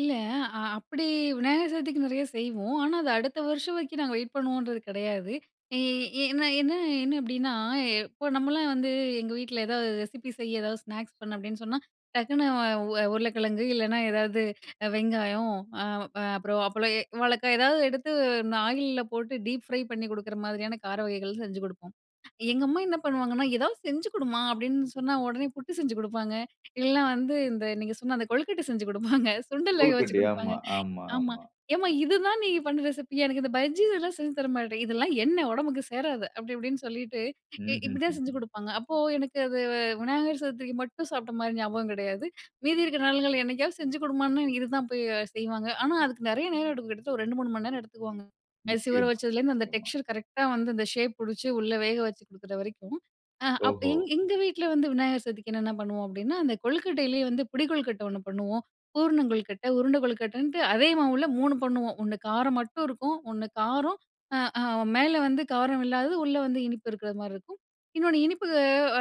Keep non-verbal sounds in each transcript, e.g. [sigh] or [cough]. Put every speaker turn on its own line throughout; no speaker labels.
இல்ல. அ அப்டி விநாயகர் சதுர்த்திக்கு நிறைய செய்வோம். ஆனா அத அடுத்த வருஷம் வரைக்கும் நாங்க வெயிட் பண்ணுவோம்ன்றது கிடையாது. ஈ என்ன என்ன என்ன அப்படின்னா இப்போ நம்மளா வந்து எங்க வீட்ல ஏதாவது ரெசிபி செய்ய ஏதாவது ஸ்நாக்ஸ் பண்ண அப்படின்னு சொன்னா, டக்குனு அ உ உருளைக்கிழங்கு இல்லைனா எதாவது வெங்காயம், அ அப்புறம் அ அப்பளம், வாழக்கா ஏதாவது எடுத்து இந்த ஆயில்ல போட்டு டீப் ஃப்ரை பண்ணி கொடுக்குற மாரியான கார வகைகள் செஞ்சு கொடுப்போம். எங்க அம்மா என்ன பண்ணுவாங்கன்னா ஏதாவது செஞ்சு கொடுமா, அப்டின்னு சொன்னா உடனே புட்டு செஞ்சு கொடுப்பாங்க. இல்லனா வந்து, இந்த நீங்க சொன்ன அந்த கொழுக்கட்டை செஞ்சு கொடுப்பாங்க. சுண்டல் வேக வச்சு
கொலுக்கட்டை.
கொடுப்பாங்க.
ஆமா, ஆமா,
ஆமா,
ஆமா.
ஏம்மா இதுதான் நீங்க பண்ணுற ரெசிபியா? எனக்கு இந்த பஜ்ஜி இதெல்லாம் செஞ்சு தர மாட்ட? இதெல்லாம் எண்ண ஒடம்புக்கு சேராது. அப்டி இப்டின்னு சொல்லிட்டு இ இப்டிதான் செஞ்சு
ம்ஹ்ஹ்ம்.
கொடுப்பாங்க. அப்போ எனக்கு அது விநாயகர் சதூர்ரிக்கு மட்டும் சாப்பிட்ட மாதிரி ஞாபகம் கிடையாது. மீதி இருக்கிற நாள்கள் என்னைக்காவது செஞ்சு கொடுமான்னு இதுதான் போய் செய்வாங்க, ஆனா அதுக்கு நிறைய நேரம் எடுக்கும் கிட்டத்தட்ட ஒரு 2, 3 மணி நேரம் எடுத்துக்குவாங்க. அரிசி ஊர
நிச்சயமா,
வச்சதுலேருந்து அந்த
நிச்சயமா.
டெக்ஸ்சர் கரெக்ட்டா வந்து அந்த ஷேப் புடுச்சு உள்ள வேகச்சு கொடுக்குற வரைக்கும். அ அப்ப
ஓஹோ!
எங் எங்க வீட்ல வந்து விநாயகர் சதுர்திக்கு என்னென்ன பண்ணுவோம் அப்படின்னா அந்த கொழுக்கட்டையிலேயே வந்து புடி கொழுக்கட்ட ஒண்ணு பண்ணுவோம், பூரண கொழுக்கட்ட, உருண்ட கொழுக்கட்டன்ட்டு அதே மாவுல 3 பண்ணுவோம். ஒண்ணு காரம் மட்டும் இருக்கும். ஒண்ணு காரம், அ அ மேல வந்து காரம் இல்லாதது உள்ள வந்து இனிப்பு இருக்கிற மாதிரி இருக்கும். இன்னொன்னு இனிப்பு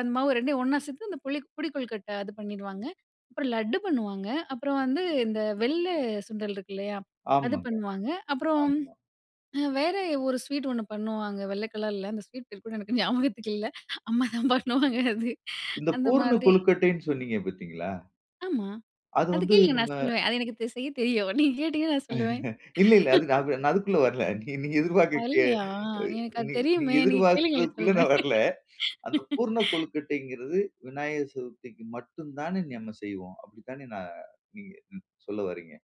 அந்த மாவு ரெண்டையும் ஒண்ணா சேர்த்து அந்த புளி புடி கொழுக்கட்டை அது பண்ணிருவாங்க, அப்புறம் லட்டு பண்ணுவாங்க. அப்புறம் வந்து இந்த வெள்ள சுண்டல் இருக்கு இல்லையா? அது
ஆமாங்க.
பண்ணுவாங்க. அப்புறம்,
ஆமா.
வேற ஒரு அ ஸ்வீட் ஒண்ணு பண்ணுவாங்க. வெள்ள கலர்ல அந்த ஸ்வீட் பேர் கூட எனக்கு ஞாபகத்துக்கு இல்ல, அம்மா தான் பண்ணுவாங்க அது.
இந்த
அந்த
பூரண
மாதிரி.
கொழுக்கட்டைன்னு சொன்னீங்க பாத்தீங்களா?
ஆமா.
அது
அத
வந்து
கேளுங்க
நம்ம
நான் சொல்லுவேன். அது எனக்கு செய்ய தெரியும் நீங்க கேட்டீங்கன்னா நான் சொல்லுவேன்.
[chuckles] இல்ல, இல்ல நான் அதுக்குள்ள வரல. நீ எதிர்பாரக்ககு
வரலையா?
அ
எனக்கு அது
நீ நீங்க
தெரியுமே. நீ கேளுங்களே
எதிர்பார்க்கிறதுக்குள்ள நான்
சொல்றேன்.
வரல. அந்த பூர்ண
[laughs]
கொழுக்கட்டைங்கிறது விநாயகர் சதுர்த்திக்கு மட்டும் தானே நம்ம செய்வோம். அப்படி தானே நா நீங்க ம் சொல்ல வர்றீங்க?